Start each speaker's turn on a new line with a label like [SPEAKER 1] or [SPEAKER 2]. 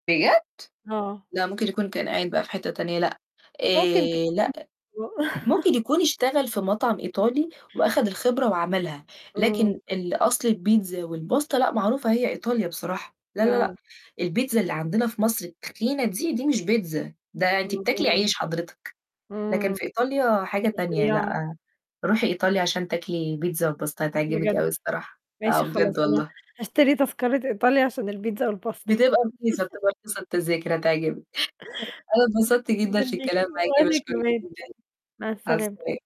[SPEAKER 1] بجد!
[SPEAKER 2] آه.
[SPEAKER 1] لأ، ممكن يكون كان عاين بقى في حتّة تانية لأ.
[SPEAKER 2] ممكن
[SPEAKER 1] آآ، لأ.
[SPEAKER 2] [unintelligible]
[SPEAKER 1] ممكن يكون اشتغل في مطعم إيطالي وأخَد الخبرة وعملها، لكن
[SPEAKER 2] إمم.
[SPEAKER 1] الأصل البيتزا والpasta لأ، معروفة هي إيطاليا بصراحة، لأ، لأ، لأ،
[SPEAKER 2] آه.
[SPEAKER 1] البيتزا اللي عندنا في مصر التخينة دي، دي مش بيتزا ده أنتِ بتاكلي عيش
[SPEAKER 2] [unintelligible]
[SPEAKER 1] حضرتك، لكن
[SPEAKER 2] إمم.
[SPEAKER 1] في إيطاليا حاجة تانية
[SPEAKER 2] رفيّعة.
[SPEAKER 1] لأ، روحي إيطاليا عشان تاكلي بيتزا والpasta هتعجبِك
[SPEAKER 2] بجد؟
[SPEAKER 1] أوي الصراحة. آه،
[SPEAKER 2] ماشي خلاص
[SPEAKER 1] بجد
[SPEAKER 2] أنا
[SPEAKER 1] والله.
[SPEAKER 2] هاشتري تذكرة إيطاليا عشان البيتزا والpasta.
[SPEAKER 1] بتبقى رخيصة، بتبقى رخيصة التذاكر هتعجبِك، أنا أتبسطت
[SPEAKER 2] [unintelligible]
[SPEAKER 1] جدًا
[SPEAKER 2] جدًا
[SPEAKER 1] في
[SPEAKER 2] ليكِ
[SPEAKER 1] الكلام معاكِ
[SPEAKER 2] وأنا
[SPEAKER 1] باشكُرِك
[SPEAKER 2] كمان،
[SPEAKER 1] جدًا،
[SPEAKER 2] مع
[SPEAKER 1] مع
[SPEAKER 2] السلامة.
[SPEAKER 1] السلامة.